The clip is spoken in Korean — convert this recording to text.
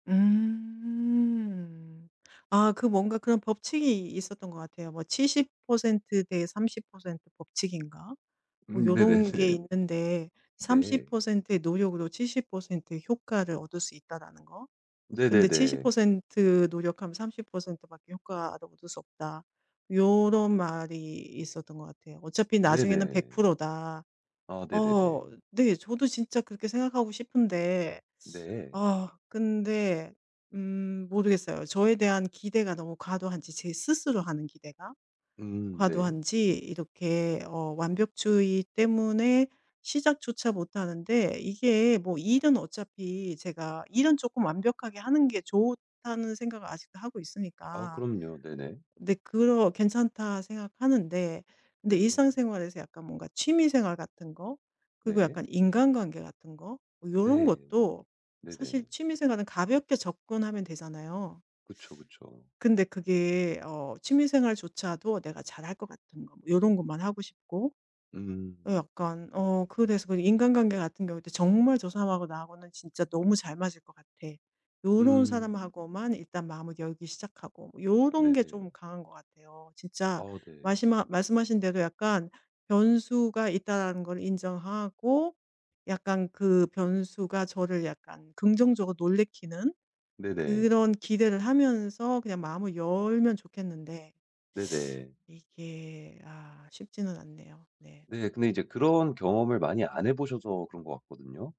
음. 아 그 뭔가 그런 법칙이 있었던 것 같아요. 뭐 70% 대 30% 법칙인가? 뭐 음. 요런 게 네네네. 있는데 삼십 네. 퍼센트 의 노력으로 70% 의 효과를 얻을 수 있다라는 거. 근데 칠십 네네네. 퍼센트 노력하면 30 밖에 효과를 얻을 수 없다. 요런 말이 있었던 것 같아요. 어차피 나중에는 백 네네. 프로 다. 아 어 네네네. 네 저도 진짜 그렇게 생각하고 싶은데 네. 아 근데 음 모르겠어요. 저에 대한 기대가 너무 과도한지 제 스스로 하는 기대가. 음. 네. 과도한지 이렇게 어 완벽주의 때문에 시작조차 못하는데 이게 뭐 일은 어차피 제가 '일은 쪼끔 완벽하게 하는 게 좋다.'는 생각을 아직도 하고 아 있으니까. 그럼요. 네네. 근데 그러 '괜찮다.' 생각하는데 근데 네. 일상생활에서 약간 뭔가 취미 생활 같은 거 그리고 네. 약간 인간관계 같은 거 뭐 요런 네. 것도 사실 네네. 취미 생활은 가볍게 접근하면 되잖아요. 그쵸, 그쵸. 근데 그게 어 취미 생활조차도 내가 잘할 것 같은 거 요런 것만 하고 싶고. 음. 어 약간 어 그거에 대해서 인간관계 같은 경우도 '정말 저 사람하고 나하고는 진짜 너무 잘 맞을 것 같아.' 요런 음. 사람하고만 일단 마음을 열기 시작하고 요런 게 좀 네네. 강한 것 같아요. 진짜 아 네. 마시마 말씀하신 대로 약간 변수가 있다라는 걸 인정하고 약간 그 변수가 저를 약간 긍정적으로 놀래키는 네네. 그런 기대를 하면서 그냥 마음을 열면 좋겠는데. 네네. 이게 아 쉽지는 않네요. 네. 네. 근데 이제 그런 경험을 많이 안 해 보셔서 그런 것 같거든요.